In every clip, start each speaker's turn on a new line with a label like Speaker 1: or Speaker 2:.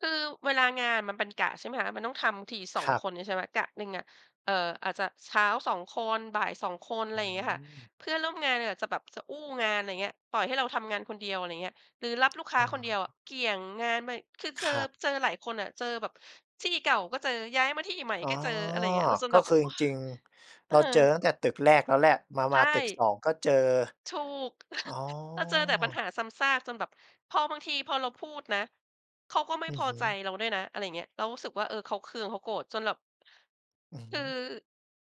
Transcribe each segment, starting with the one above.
Speaker 1: คือ เวลางานมันเป็นกะ ใช่ไหมคะ มันต้องทำที สอ
Speaker 2: ค
Speaker 1: ง
Speaker 2: รั
Speaker 1: ค
Speaker 2: บ
Speaker 1: นนี่ ใช่ไหม กะหนึ่งอะ เอ่อ อาจจะเช้า 2 คน บ่าย 2 คน อะไ
Speaker 2: อ
Speaker 1: ร
Speaker 2: ือ
Speaker 1: เ
Speaker 2: ฮ
Speaker 1: งี้ยค่ะ
Speaker 2: ึ
Speaker 1: เพื่อนร่วมงานเลยอาจจะแบบจะอู้งาน ไรเงี้ย ปล่อยให้เราทำงานคนเดียว อะไรเงี้ย หรือรับลูกค้
Speaker 2: อ
Speaker 1: าคนเดีย
Speaker 2: า
Speaker 1: วอะ เกี่ยงงานมั่ง คือเจ
Speaker 2: ค
Speaker 1: อ
Speaker 2: รับ
Speaker 1: เจอหลายคนอะ เจอแบบ ที่เก่าก็เจอ ย้ายมาที่ใหม่
Speaker 2: อ๋อ
Speaker 1: ก็เจอ อะไรอย่างเงี้ย แล้วจน
Speaker 2: ก
Speaker 1: แ
Speaker 2: ็
Speaker 1: บบ
Speaker 2: ค
Speaker 1: โ
Speaker 2: ือจ
Speaker 1: อ๊ย
Speaker 2: ริง ๆ
Speaker 1: เอ
Speaker 2: เร
Speaker 1: อ
Speaker 2: าเจอตั้งแต่ตึกแรกแล้วแหละ มา
Speaker 1: ใช
Speaker 2: มาตึก ส
Speaker 1: ่
Speaker 2: อง ก็เจอ
Speaker 1: ถูก
Speaker 2: อ๋อ
Speaker 1: เราเจอแต่ปัญหาซ้ำซากจนแบบ พอบางที พอเราพูดนะ เขาก็ไม่
Speaker 2: อื
Speaker 1: พ
Speaker 2: อ
Speaker 1: อ
Speaker 2: ฮ
Speaker 1: ใจ
Speaker 2: ึ
Speaker 1: เราด้วยนะ อะไรอย่างเงี้ย เรารู้สึกว่า เออ เขาเคือง เขาโกรธ จนแบบ
Speaker 2: อือ
Speaker 1: ค
Speaker 2: ฮึ
Speaker 1: ือ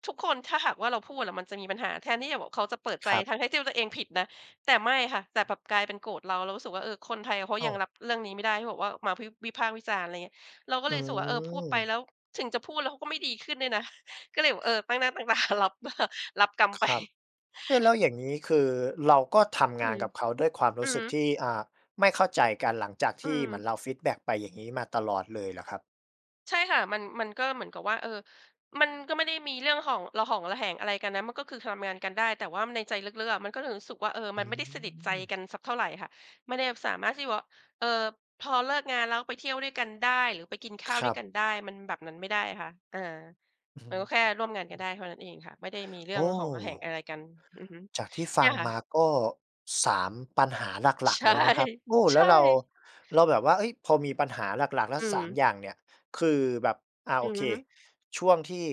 Speaker 1: ทุกคน ถ้าหากว่า เราพูดอะมันจะมีปัญหา แทนที่จะแบบ เขาจะเปิดใ
Speaker 2: ค
Speaker 1: จ
Speaker 2: รับ
Speaker 1: ทั้ง ๆ ที่ตัวเองผิดนะ แต่ไม่ค่ะ แต่แบบกลายเป็นโกรธเรา เรารู้สึกว่า เออ คนไทยเขา
Speaker 2: อ้
Speaker 1: ย
Speaker 2: า
Speaker 1: ัง
Speaker 2: ว
Speaker 1: รับเรื่องนี้ไม่ได้ ที่บอกว่า มา พิบ วิพากษ์วิจารณ์ อะไรเงี้ย เราก็
Speaker 2: อื
Speaker 1: เลยรู้สึกว่า เออ พูดไป
Speaker 2: ม
Speaker 1: แล้ว ถึงจะพูดแล้วเขาก็ไม่ดีขึ้นด้วยนะ ก็เลยแบบ เออ ตั้งหน้า ตั้งตา รับ รับกรรมไป
Speaker 2: ครับ เอ๊ แล้วอย่างงี้ คือเราก็ทำ
Speaker 1: อ
Speaker 2: ง
Speaker 1: ื
Speaker 2: าน
Speaker 1: ม
Speaker 2: กับเขาด้วยความร
Speaker 1: อื
Speaker 2: ู้
Speaker 1: อ
Speaker 2: ส
Speaker 1: ฮ
Speaker 2: ึ
Speaker 1: ึ
Speaker 2: กที่ อ่า ไม่เข้าใจกัน หลังจากท
Speaker 1: อื
Speaker 2: ี่เ
Speaker 1: ม
Speaker 2: หมือนเราฟีดแบ็กไป อย่างงี้ มาตลอดเลยเหรอครับ?
Speaker 1: ใช่ค่ะ มัน มันก็เหมือนกับว่า เออ มันก็ไม่ได้มีเรื่องหอง ระหองระแหงอะไรกันนะ มันก็คือทำงานกันได้ แต่ว่า ม ในใจลึก ๆ อะ มันก็เลย รู้สึกว่า เออ
Speaker 2: อ
Speaker 1: มันไม่ได้สนิทใจ
Speaker 2: ืม
Speaker 1: กันสักเท่าไรค่ะ ไม่ได้แบบสามารถที่ว่า เออ พอเลิกงานแล้วไปเที่ยวด้วยกันได้ หรือไปกินข้า
Speaker 2: ค
Speaker 1: ว
Speaker 2: ร
Speaker 1: ด้
Speaker 2: ั
Speaker 1: วย
Speaker 2: บ
Speaker 1: กันได้ มันแบบนั้นไม่ได้อะค่ะ เออ
Speaker 2: อือ
Speaker 1: มันก็แค่
Speaker 2: ฮ
Speaker 1: ร่วมงานกันได
Speaker 2: ึ
Speaker 1: ้เท่านั้นเองค่ะ ไม่ได้มีเรื่
Speaker 2: โอ
Speaker 1: อง
Speaker 2: ้
Speaker 1: ระหองระแหงอะไรกัน อือฮึ
Speaker 2: จากที่ฟ
Speaker 1: เนี
Speaker 2: ั
Speaker 1: ่
Speaker 2: ง
Speaker 1: ยค่
Speaker 2: มา
Speaker 1: ะ
Speaker 2: ก็ 3 ปัญหาหลั
Speaker 1: ใ
Speaker 2: ก
Speaker 1: ช
Speaker 2: ๆ
Speaker 1: ่
Speaker 2: แล้วนะครับ โอ้
Speaker 1: ใช
Speaker 2: แล้ว
Speaker 1: ่
Speaker 2: เรา เราแบบว่า เอ๊ย พอมีปัญหาหลัก ๆ แล้
Speaker 1: อื
Speaker 2: ว 3
Speaker 1: ม
Speaker 2: อย่างเนี่ย คือแบบ อา
Speaker 1: อ
Speaker 2: โ
Speaker 1: ื
Speaker 2: อ
Speaker 1: อ
Speaker 2: เค
Speaker 1: ฮึ
Speaker 2: ช่วงที่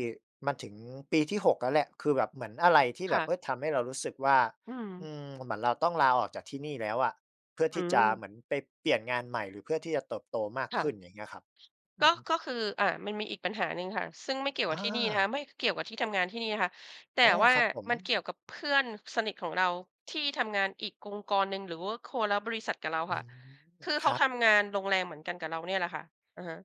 Speaker 2: มาถึงปีที่ 6 แล้วแหละ คือแบบเหมือนอะไรที่แ
Speaker 1: ค
Speaker 2: บ
Speaker 1: ่
Speaker 2: บ เอ
Speaker 1: ะ
Speaker 2: ๊ย ทำเรารู้สึกว่า
Speaker 1: อื
Speaker 2: อื
Speaker 1: ม
Speaker 2: ม เหมือนเราต้องลาออกจากที่นี่แล้วอะ เพื่อ
Speaker 1: อื
Speaker 2: ที่จะเ
Speaker 1: ม
Speaker 2: หมือนไปเปลี่ยนงานใหม่ หรือเพื่อที่จะเติบโตมาก
Speaker 1: ค่
Speaker 2: ขึ้น
Speaker 1: ะ
Speaker 2: อย่างเงี้ยครับ อ
Speaker 1: ก
Speaker 2: ื
Speaker 1: ็
Speaker 2: อฮึ
Speaker 1: ก็คือ อา มันมีอีกปัญหาหนึ่งค่ะ ซึ่งไม่เกี่ยว
Speaker 2: อ
Speaker 1: กับที่นี่นะคะ
Speaker 2: า
Speaker 1: ไม่เกี่ยวกับที่ทำงานที่นี่นะคะ แต่
Speaker 2: อ๋อ
Speaker 1: ว่า
Speaker 2: ครับผ
Speaker 1: มัน
Speaker 2: ม
Speaker 1: เกี่ยวกับเพื่อนสนิทของเราที่ทำงานอีกองค์กรหนึ่ง หรือว่าคนละบริษัทกับเรา
Speaker 2: อื
Speaker 1: ค่ะ
Speaker 2: ม
Speaker 1: คือเ
Speaker 2: ค
Speaker 1: ขา
Speaker 2: รับ
Speaker 1: ทำงานโรงแรมเหมือนกันกับเราเนี่ยแหละค่ะ อะฮะ